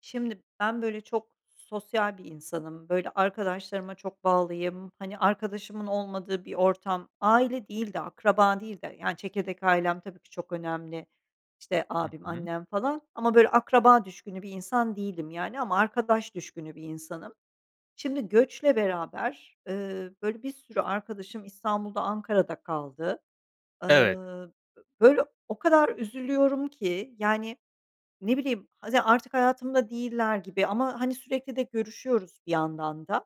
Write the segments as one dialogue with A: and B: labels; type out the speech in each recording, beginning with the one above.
A: Şimdi ben böyle çok sosyal bir insanım, böyle arkadaşlarıma çok bağlıyım, hani, arkadaşımın olmadığı bir ortam aile değil de akraba değil de Yani çekirdek ailem tabii ki çok önemli, işte,
B: Hı
A: abim,
B: hı.
A: annem falan ama, böyle, akraba düşkünü bir insan değilim, yani, ama arkadaş düşkünü bir insanım. Şimdi göçle beraber, ııı, böyle, bir sürü arkadaşım İstanbul'da Ankara'da kaldı.
B: Evet.
A: Iıı, b böyle, o kadar üzülüyorum ki. Yani, ne bileyim, hadi artık hayatımda değiller gibi ama, hani, sürekli de görüşüyoruz bir yandan da,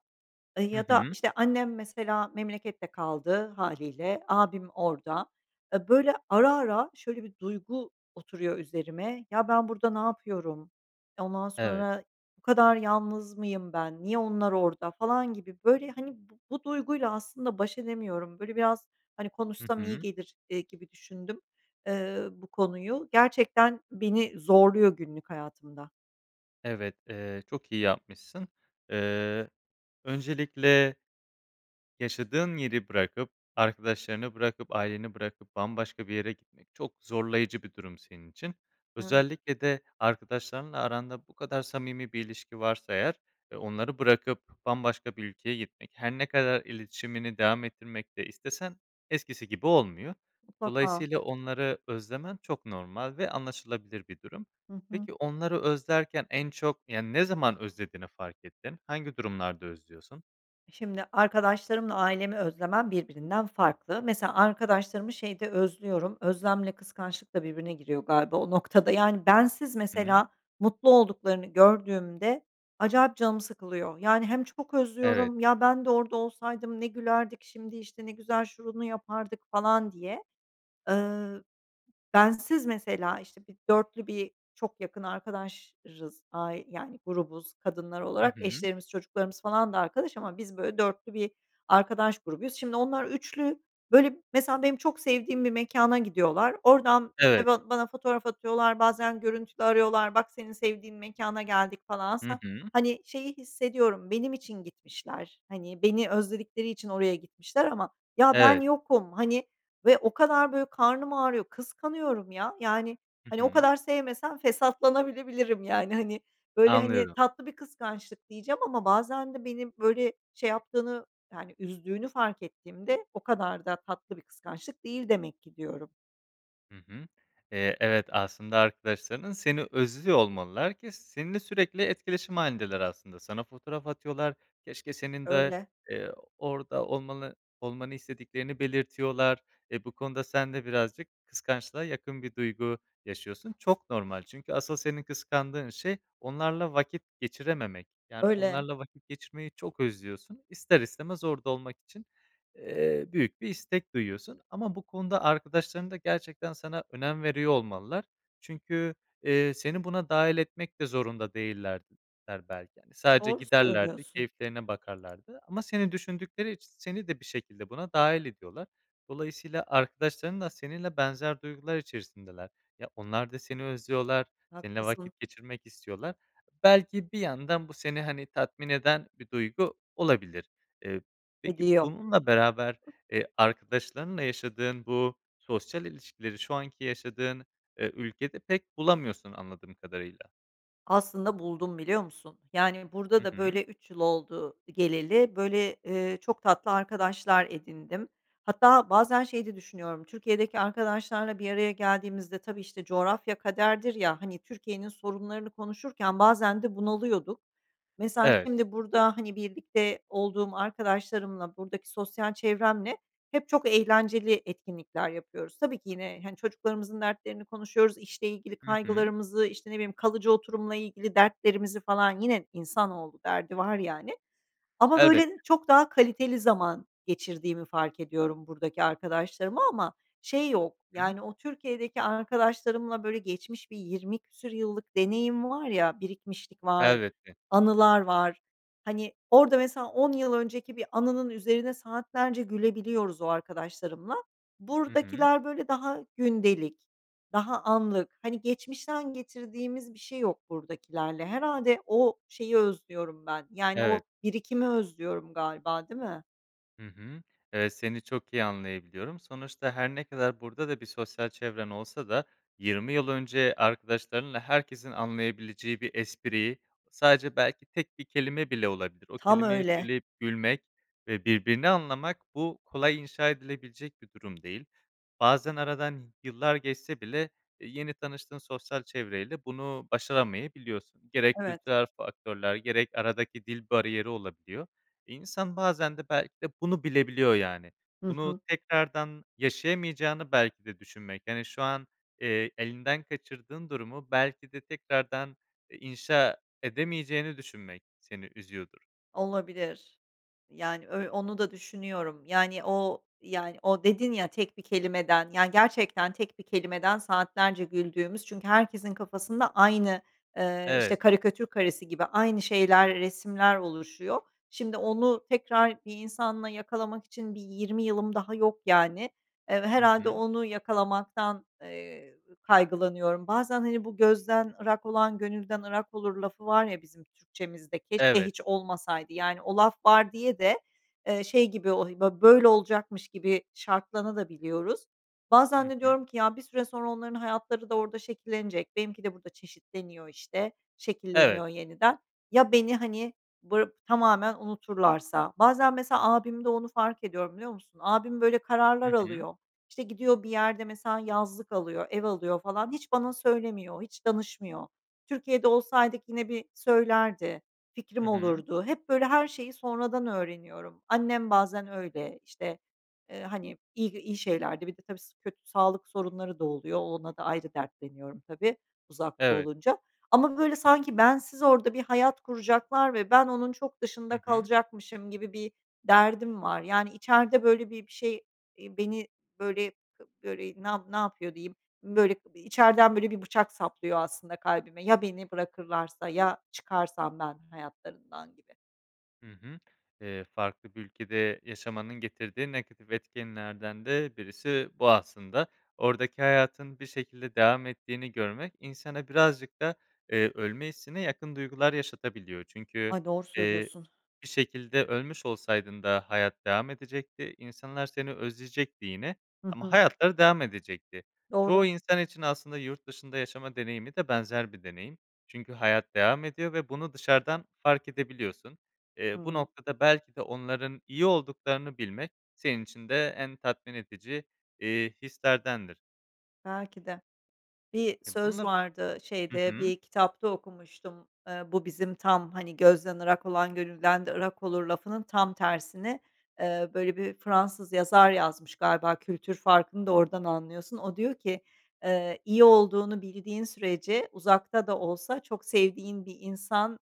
A: ııı,
B: Hı
A: ya da,
B: hı.
A: işte, annem mesela memlekette kaldı hâliyle, abim orada. Eee, böyle, ara ara şöyle bir duygu oturuyor üzerime, "Ya, ben burada ne yapıyorum?" Ondan
B: Evet.
A: sonra, "Bu kadar yalnız mıyım ben, niye onlar orada?" falan gibi, böyle, hani, b bu duyguyla aslında baş edemiyorum. Böyle biraz, hani,
B: Hı
A: konuşsam iyi
B: hı.
A: gelir, eee, gibi düşündüm, ııı, bu konuyu. Gerçekten beni zorluyor günlük hayatımda.
B: Evet, eee, çok iyi yapmışsın, eee, öncelikle Yaşadığın yeri bırakıp arkadaşlarını bırakıp aileni bırakıp bambaşka bir yere gitmek çok zorlayıcı bir durum senin için.
A: Evet.
B: Özellikle de arkadaşlarınla aranda bu kadar samimi bir ilişki varsa eğer e onları bırakıp bambaşka bir ülkeye gitmek, her ne kadar iletişimini devam ettirmek de istesen eskisi gibi olmuyor.
A: Mutlaka.
B: Dolayısıyla onları özlemen çok normal ve anlaşılabilir bir durum.
A: Hı hı.
B: Peki onları özlerken en çok yani, ne zaman özlediğini fark ettin, hangi durumlarda özlüyorsun?
A: E, şimdi arkadaşlarımla ailemi özlemem birbirinden farklı. Mesela arkadaşlarımı şeyde özlüyorum, özlemle kıskançlıkla birbirine giriyor galiba o noktada. Yani, bensiz
B: Hıı.
A: mesela mutlu olduklarını gördüğümde acayip canım sıkılıyor. Yani, hem çok
B: Evet.
A: özlüyorum, ya ben de orada olsaydım ne gülerdik şimdi, işte, ne güzel şunu yapardık falan diye. Iıı, bensiz mesela, işte, bir 4'lü bir çok yakın arkadaşız ai yani, grubuz kadınlar
B: Hı
A: olarak
B: hı.
A: eşlerimiz çocuklarımız falan da arkadaş ama biz böyle 4'lü bir arkadaş grubuyuz. Şimdi onlar 3'lü böyle, mesela benim çok sevdiğim bir mekâna gidiyorlar oradan, işte,
B: Evet.
A: ba bana fotoğraf atıyorlar, bazen görüntülü arıyorlar: "Bak senin sevdiğin mekâna geldik." falan
B: Hı
A: aslında,
B: hı.
A: hani, şeyi hissediyorum, benim için gitmişler, hani, beni özledikleri için oraya gitmişler ama ya ben
B: Evet.
A: yokum, hani, ve o kadar böyle karnım ağrıyor, kıskanıyorum ya, yani,
B: Hı
A: hani, o
B: hı.
A: kadar sevmesem fesatlanabilebilirim, yani, hani, böyle, hani,
B: Anlıyorum.
A: tatlı bir kıskançlık diyeceğim ama bazen de beni böyle şey yaptığını yani üzdüğünü fark ettiğimde o kadar da tatlı bir kıskançlık değil demek ki diyorum.
B: Hı hı. Eee, evet, aslında arkadaşların seni özlüyor olmalılar ki seninle sürekli etkileşim hâlindeler aslında. Sana fotoğraf atıyorlar, keşke senin de,
A: Öyle.
B: eee, orada olmanı olmanı istediklerini belirtiyorlar. E, bu konuda sen de birazcık kıskançlığa yakın bir duygu yaşıyorsun. Çok normal çünkü asıl senin kıskandığın şey, onlarla vakit geçirememek. Yani,
A: Öyle.
B: onlarla vakit geçirmeyi çok özlüyorsun. İster istemez orada olmak için, eee, büyük bir istek duyuyorsun ama bu konuda arkadaşların da gerçekten sana önem veriyor olmalılar. Çünkü, eee, seni buna dâhil etmek de zorunda değillerdi ler belki. Sadece
A: Doğru
B: giderlerdi,
A: söylüyorsun.
B: keyiflerine bakarlardı ama seni düşündükleri için seni de bir şekilde buna dâhil ediyorlar. Dolayısıyla arkadaşların da seninle benzer duygular içerisindeler. Ya, onlar da seni özlüyorlar, seninle
A: Haklısın.
B: vakit geçirmek istiyorlar. Belki bir yandan bu seni, hani, tatmin eden bir duygu olabilir. Eee, peki
A: Ediyor.
B: bununla beraber, eee, arkadaşlarınla yaşadığın bu sosyal ilişkileri şu anki yaşadığın, ııı, ülkede pek bulamıyorsun anladığım kadarıyla.
A: Aslında buldum biliyor musun? Yani, burada
B: Hı
A: da
B: hı.
A: böyle 3 yıl oldu geleli, böyle, ııı, çok tatlı arkadaşlar edindim. Hatta bazen şey de düşünüyorum, Türkiye'deki arkadaşlarla bir araya geldiğimizde tabii, işte, coğrafya kaderdir ya, hani, Türkiye'nin sorunlarını konuşurken bazen de bunalıyorduk. Mesela
B: Evet.
A: şimdi burada, hani, birlikte olduğum arkadaşlarımla, buradaki sosyal çevremle hep çok eğlenceli etkinlikler yapıyoruz. Tabii ki yine, hani, çocuklarımızın dertlerini konuşuyoruz, işle ilgili
B: Hı hı.
A: kaygılarımızı, işte, ne bileyim, kalıcı oturumla ilgili dertlerimizi falan. Yine insanoğlu, derdi var yani. Ama
B: Evet.
A: böyle çok daha kaliteli zaman geçirdiğimi fark ediyorum buradaki arkadaşlarımla. Ama şey yok
B: Hı hı.
A: yani o Türkiye'deki arkadaşlarımla böyle geçmiş bir 20 küsur yıllık deneyim var ya, birikmişlik var,
B: Elbette.
A: anılar var. Hani, orada mesela 10 yıl önceki bir anının üzerine saatlerce gülebiliyoruz o arkadaşlarımla.
B: Hı hı.
A: Buradakiler böyle daha gündelik, daha anlık, hani, geçmişten getirdiğimiz bir şey yok buradakilerle. Herhâlde o şeyi özlüyorum ben, yani
B: Evet.
A: o birikimi özlüyorum galiba, değil mi?
B: Hı hı. Evet, seni çok iyi anlayabiliyorum, sonuçta her ne kadar burada da bir sosyal çevren olsa da 20 yıl önce arkadaşlarınla herkesin anlayabileceği bir espri sadece belki tek 1 kelime bile olabilir. O
A: Tam
B: kelimeyi
A: öyle.
B: söyleyip gülmek ve birbirini anlamak bu kolay inşa edilebilecek bir durum değil. Bazen aradan y yıllar geçse bile, e, yeni tanıştığın sosyal çevreyle bunu başaramayabiliyorsun. Gerek
A: Evet.
B: kültürel faktörler gerek aradaki dil bariyeri olabiliyor. İnsan bazen de belki de bunu bilebiliyor yani.
A: Hı
B: Bunu
A: hı.
B: tekrardan yaşayamayacağını belki de düşünmek, yani şu an, eee, elinden kaçırdığın durumu belki de tekrardan, eee, inşa edemeyeceğini düşünmek seni üzüyordur.
A: Olabilir, yani ö onu da düşünüyorum yani o yani o dedin ya tek bir kelimeden yani gerçekten tek bir kelimeden saatlerce güldüğümüz çünkü herkesin kafasında aynı, ııı, işte
B: Evet.
A: karikatür karesi gibi aynı şeyler resimler oluşuyor. Şimdi onu tekrar bir insanla yakalamak için bir 20 yılım daha yok yani. Eee, ve
B: Hı
A: herhâlde
B: hı.
A: onu yakalamaktan, eee, kaygılanıyorum. Bazen hani bu, "Gözden ırak olan gönülden ırak olur." lafı var ya bizim Türkçemizde, keşke
B: Evet.
A: hiç olmasaydı. Yani o laf var diye de, eee, şey gibi, he o bö böyle olacakmış gibi şartlanabiliyoruz da.
B: Hı
A: Bazen de
B: hı.
A: diyorum ki, "Ya, bir süre sonra onların hayatları da orada şekillenecek, benimki de burada çeşitleniyor işte,
B: Evet.
A: şekilleniyor yeniden. Ya, beni hani bır tamamen unuturlarsa?" Bazen mesela abimde onu fark ediyorum, biliyor musun? Abim böyle
B: Hı
A: kararlar
B: hı.
A: alıyor, işte gidiyor bir yerde mesela yazlık alıyor, ev alıyor falan, hiç bana söylemiyor, hiç danışmıyor. Türkiye'de olsaydık yine bir söylerdi,
B: Hı
A: fikrim
B: hı.
A: olurdu, hep böyle her şeyi sonradan öğreniyorum. Annem bazen öyle, işte, eee, hani iyi iyi şeylerde bir de tabii, s kötü sağlık sorunları da oluyor, o ona da ayrı dertleniyorum tabii uzakta
B: Evet.
A: olunca ama böyle sanki bensiz orada bir hayat kuracaklar ve ben onun çok
B: Hı
A: dışında
B: hı.
A: kalacakmışım gibi bir derdim var. Yani içeride böyle bir bir şey, eee, beni böyle böyle ne yapı ne yapıyor diyeyim, böyle içeriden böyle bir bıçak saplıyor aslında kalbime, "Ya beni bırakırlarsa, ya çıkarsam ben hayatlarından." gibi.
B: Hı hı. Eee, farklı bir ülkede yaşamanın getirdiği negatif etkenlerden de birisi bu aslında. Oradaki hayatın bir şekilde devam ettiğini görmek insana birazcık da, eee, ölme hissine yakın duygular yaşatabiliyor çünkü,
A: Ay, doğru
B: eee,
A: söylüyorsun.
B: bir şekilde ölmüş olsaydın da hayat devam edecekti, insanlar seni özleyecekti yine
A: Hı
B: ama
A: hı.
B: hayatları devam edecekti. Çoğu
A: Doğru.
B: insan için aslında yurtdışında yaşama deneyimi de benzer bir deneyim. Çünkü hayat devam ediyor ve bunu dışarıdan fark edebiliyorsun. Eee, bu
A: Hıı.
B: noktada belki de onların iyi olduklarını bilmek senin için de en tatmin edici, iii, hislerdendir.
A: Belki de. Bir
B: E,
A: söz
B: bununla
A: vardı,
B: Hı
A: şeyde,
B: hı.
A: bir kitapta okumuştum, eee, bu bizim tam, hani, gözden ırak olan gönülden de ırak olur lafının tam tersini, eee, böyle bir Fransız yazar yazmış galiba kültür farkını da oradan anlıyorsun. O diyor ki, eee, "İyi olduğunu bildiğin sürece uzakta da olsa çok sevdiğin bir insan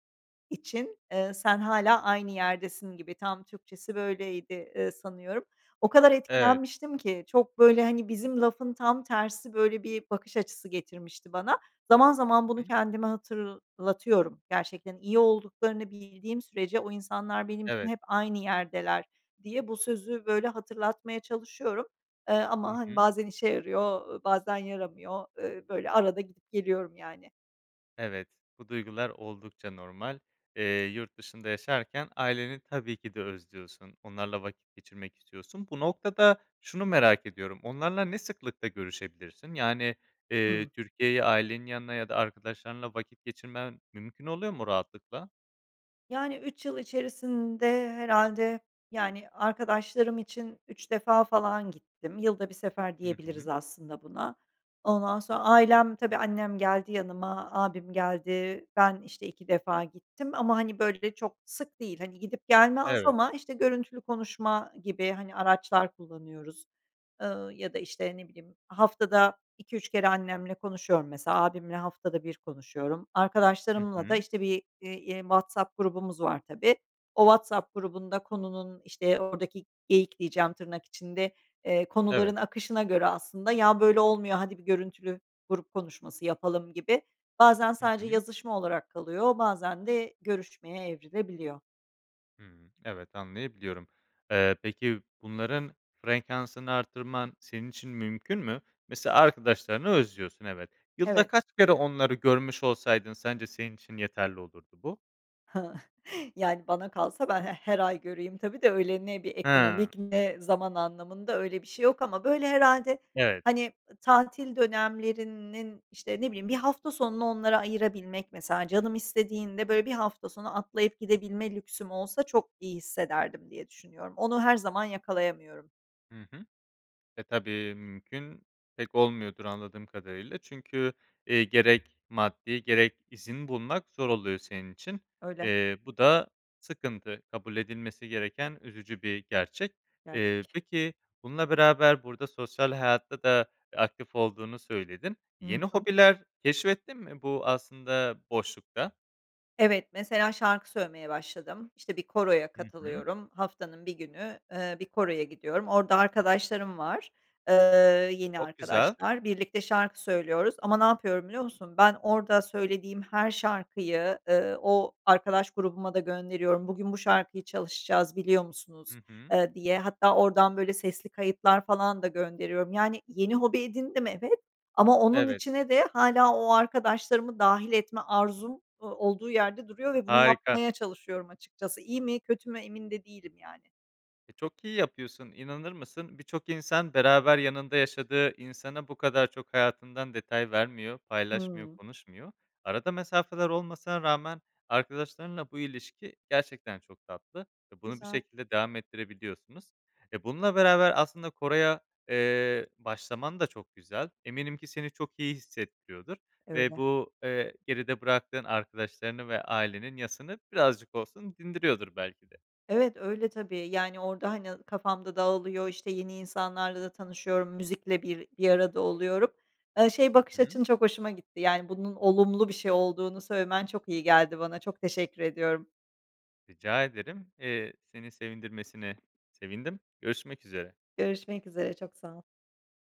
A: için, eee, sen hâlâ aynı yerdesin." gibi tam Türkçesi böyleydi, eee, sanıyorum. O kadar
B: Evet.
A: etkilenmiştim ki, çok, böyle, hani, bizim lafın tam tersi böyle bir bakış açısı getirmişti bana. Zaman zaman bunu
B: Hıı.
A: kendime hatırlatıyorum. Gerçekten iyi olduklarını bildiğim sürece o insanlar benim için
B: Evet.
A: hep aynı yerdeler diye bu sözü böyle hatırlatmaya çalışıyorum. Eee,
B: Hı
A: ama, hani,
B: hı.
A: bazen işe yarıyor, ııı, bazen yaramıyor, ııı, böyle arada gidip geliyorum yani.
B: Evet, bu duygular oldukça normal. Eee, yurt dışında yaşarken aileni tabii ki de özlüyorsun, onlarla vakit geçirmek istiyorsun. Bu noktada şunu merak ediyorum, onlarla ne sıklıkla görüşebilirsin? Yani, eee,
A: Hıı.
B: Türkiye'yi ailenin yanına ya da arkadaşlarınla vakit geçirmen mümkün oluyor mu rahatlıkla?
A: Yani, 3 yıl içerisinde herhâlde, yani, arkadaşlarım için 3 defa falan gittim. Yılda 1 sefer
B: Hı
A: diyebiliriz
B: hı.
A: aslında buna. Ondan sonra ailem tabii annem geldi yanıma, ağabeyim geldi. Ben işte 2 defa gittim ama, hani, böyle, çok sık değil. Hani, gidip gelme az
B: Evet.
A: ama işte görüntülü konuşma gibi, hani, araçlar kullanıyoruz. Iıı, ya da, işte, ne bileyim, haftada 2-3 kere annemle konuşuyorum mesela. Ağabeyimle haftada 1 konuşuyorum.
B: Hı
A: Arkadaşlarımla da
B: hı.
A: işte bir i eee, WhatsApp grubumuz var tabii. O WhatsApp grubunda konunun, işte, oradaki "geyik" diyeceğim tırnak içinde, eee, konuların
B: Evet.
A: akışına göre aslında, ya, böyle, olmuyor, hadi, bir görüntülü grup konuşması yapalım gibi bazen
B: Hı
A: sadece
B: hı.
A: yazışma olarak kalıyor bazen de görüşmeye evrilebiliyor.
B: Hıı. Evet anlayabiliyorum. Eee, peki bunların frekansını artırman senin için mümkün mü? Mesela arkadaşlarını özlüyorsun, evet. Yılda
A: Evet.
B: kaç kere onları görmüş olsaydın sence senin için yeterli olurdu bu?
A: Yani, bana kalsa ben he her ay göreyim tabii de, öyle, ne bir
B: He.
A: ekonomik ne zaman anlamında, öyle, bir şey yok ama, böyle, herhâlde,
B: Evet.
A: hani, tatil dönemlerinin, işte, ne bileyim, bir hafta sonunu onlara ayırabilmek, mesela canım istediğinde, böyle, bir hafta sonu atlayıp gidebilme lüksüm olsa çok iyi hissederdim diye düşünüyorum. Onu her zaman yakalayamıyorum.
B: Hı hı. E, tabii mümkün pek olmuyordur anladığım kadarıyla. Çünkü, ııı, gerek maddi gerek izin bulmak zor oluyor senin için.
A: Öyle.
B: Eee, bu da sıkıntı, kabul edilmesi gereken üzücü bir gerçek. Eee,
A: Gerçek.
B: peki bununla beraber burada sosyal hayatta da, eee, aktif olduğunu söyledin.
A: Hı
B: Yeni
A: hı.
B: hobiler keşfettin mi bu aslında boşlukta?
A: Evet, mesela şarkı söylemeye başladım. İşte, bir koroya
B: Hı hı.
A: katılıyorum, haftanın 1 günü, ııı, bir koroya gidiyorum. Orada arkadaşlarım var, eee, yeni
B: Çok güzel.
A: arkadaşlar, birlikte şarkı söylüyoruz ama ne yapıyorum biliyor musun? Ben orada söylediğim her şarkıyı, ııı, o arkadaş grubuma da gönderiyorum, "Bugün bu şarkıyı çalışacağız biliyor musunuz?"
B: Hı hı.
A: eee, diye. Hatta oradan, böyle, sesli kayıtlar falan da gönderiyorum. Yani yeni hobi edindim, evet ,ama onun
B: Evet.
A: içine de hâlâ o arkadaşlarımı dâhil etme arzum, ııı, olduğu yerde duruyor ve bunu
B: Harika.
A: yapmaya çalışıyorum açıkçası. İyi mi kötü mü, emin de değilim yani.
B: E, çok iyi yapıyorsun. İnanır mısın, birçok insan beraber yanında yaşadığı insana bu kadar çok hayatından detay vermiyor, paylaşmıyor,
A: Hıı.
B: konuşmuyor. Arada mesafeler olmasına rağmen, arkadaşlarınla bu ilişki gerçekten çok tatlı ve bunu bir
A: Güzel.
B: şekilde devam ettirebiliyorsunuz. E, bununla beraber aslında koroya, eee, başlaman da çok güzel. Eminim ki seni çok iyi hissettiriyordur ve
A: Öyle.
B: bu, eee, geride bıraktığın arkadaşlarının ve ailenin yasını birazcık olsun dindiriyordur belki de.
A: Evet, öyle tabii. Yani orada, hani, kafam da dağılıyor, işte, yeni insanlarla da tanışıyorum, müzikle bir bir arada oluyorum. Iıı, şey bakış
B: Hı hı.
A: açın çok hoşuma gitti: Yani bunun olumlu bir şey olduğunu söylemen çok iyi geldi bana. Çok teşekkür ediyorum.
B: Rica ederim, eee, seni sevindirmesine sevindim. Görüşmek üzere.
A: Görüşmek üzere, çok sağ ol.